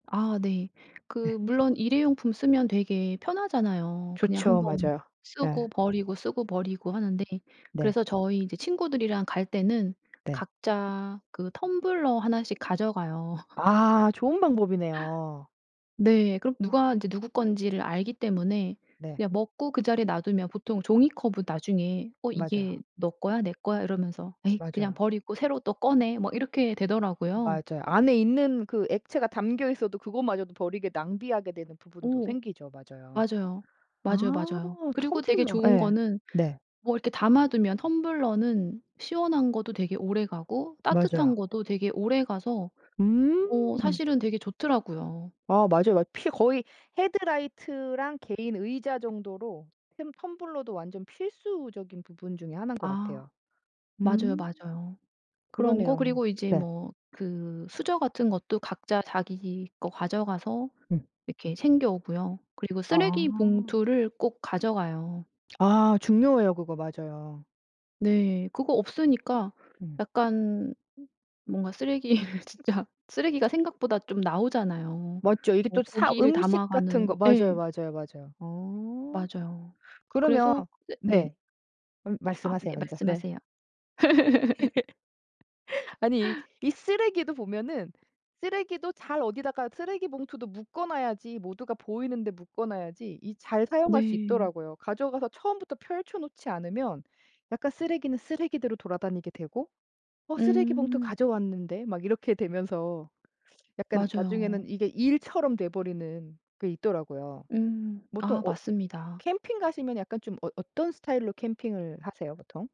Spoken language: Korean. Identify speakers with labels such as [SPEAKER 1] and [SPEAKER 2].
[SPEAKER 1] 아 네.
[SPEAKER 2] 네.
[SPEAKER 1] 그 물론 일회용품 쓰면 되게 편하잖아요. 그냥 1
[SPEAKER 2] 좋죠.
[SPEAKER 1] 번
[SPEAKER 2] 맞아요.
[SPEAKER 1] 쓰고
[SPEAKER 2] 예.
[SPEAKER 1] 버리고, 쓰고 버리고 하는데
[SPEAKER 2] 네.
[SPEAKER 1] 그래서 저희 이제 친구들이랑 갈 때는
[SPEAKER 2] 네.
[SPEAKER 1] 각자 그 텀블러 하나씩 가져가요.
[SPEAKER 2] 아 좋은 방법이네요.
[SPEAKER 1] 네. 그럼
[SPEAKER 2] 아.
[SPEAKER 1] 누가 이제 누구 건지를 알기 때문에
[SPEAKER 2] 네.
[SPEAKER 1] 그냥 먹고 그 자리에 놔두면 보통 종이컵은 나중에 어
[SPEAKER 2] 맞아요.
[SPEAKER 1] "이게 너 거야, 내 거야?" 이러면서 "에이 그냥
[SPEAKER 2] 맞아요.
[SPEAKER 1] 버리고 새로 또 꺼내." 뭐 이렇게 되더라고요.
[SPEAKER 2] 맞아요. 안에 있는 그 액체가 담겨 있어도 그것마저도 버리게 낭비하게 되는 부분도
[SPEAKER 1] 어.
[SPEAKER 2] 생기죠. 맞아요.
[SPEAKER 1] 맞아요. 맞아요,
[SPEAKER 2] 아
[SPEAKER 1] 맞아요. 그리고 되게
[SPEAKER 2] 텀블러.
[SPEAKER 1] 좋은
[SPEAKER 2] 예
[SPEAKER 1] 거는
[SPEAKER 2] 네.
[SPEAKER 1] 뭐 이렇게 담아 두면 텀블러는 시원한 거도 되게 오래가고 따뜻한
[SPEAKER 2] 맞아요.
[SPEAKER 1] 거도 되게 오래가 어
[SPEAKER 2] 음.
[SPEAKER 1] 사실은 되게 좋더라고요.
[SPEAKER 2] 아 맞아요, 맞 피 거의 헤드라이트랑 개인 의자 정도로 템 텀블러도 완전 필수적인 부분 중의 하나인 것
[SPEAKER 1] 아.
[SPEAKER 2] 같아요.
[SPEAKER 1] 맞아요,
[SPEAKER 2] 음.
[SPEAKER 1] 맞아요. 그런 거.
[SPEAKER 2] 그러네요.
[SPEAKER 1] 그리고 이제
[SPEAKER 2] 네.
[SPEAKER 1] 뭐 그 수저 같은 것도 각자 자기 거 가져가서
[SPEAKER 2] 음.
[SPEAKER 1] 이렇게 챙겨 오고요. 그리고 쓰레기
[SPEAKER 2] 아.
[SPEAKER 1] 봉투를 꼭 가져가요.
[SPEAKER 2] 아 중요해요. 그거 맞아요.
[SPEAKER 1] 네. 그거 없으니까
[SPEAKER 2] 음.
[SPEAKER 1] 약간 뭔가 쓰레기를 진짜 쓰레기가 생각보다 좀 나오잖아요.
[SPEAKER 2] 맞죠. 이게
[SPEAKER 1] 뭐
[SPEAKER 2] 또 사
[SPEAKER 1] 고기를
[SPEAKER 2] 음식 같은 거.
[SPEAKER 1] 담아가는
[SPEAKER 2] 맞아요,
[SPEAKER 1] 예.
[SPEAKER 2] 맞아요, 맞아요. 어.
[SPEAKER 1] 맞아요.
[SPEAKER 2] 그러면
[SPEAKER 1] 그래서 쎄 네.
[SPEAKER 2] 네. 음
[SPEAKER 1] 아 네.
[SPEAKER 2] 말씀하세요 먼저. 네.
[SPEAKER 1] 말씀하세요.
[SPEAKER 2] 아니 이 이 쓰레기도 보면은 쓰레기도 잘 어디다가 쓰레기 봉투도 묶어 놔야지 모두가 보이는데 묶어 놔야지 이 잘 사용할 수
[SPEAKER 1] 네.
[SPEAKER 2] 있더라고요. 가져가서 처음부터 펼쳐 놓지 않으면 약간 쓰레기는 쓰레기대로 돌아다니게 되고 "어 쓰레기 봉투
[SPEAKER 1] 음.
[SPEAKER 2] 가져왔는데?" 막 이렇게 되면서 약간 나중에는
[SPEAKER 1] 맞아요.
[SPEAKER 2] 이게 일처럼 돼 버리는 게 있더라고요.
[SPEAKER 1] 음.
[SPEAKER 2] 보통
[SPEAKER 1] 아
[SPEAKER 2] 엇
[SPEAKER 1] 맞습니다.
[SPEAKER 2] 캠핑 가시면 약간 좀 어 어떤 스타일로 캠핑을 하세요, 보통?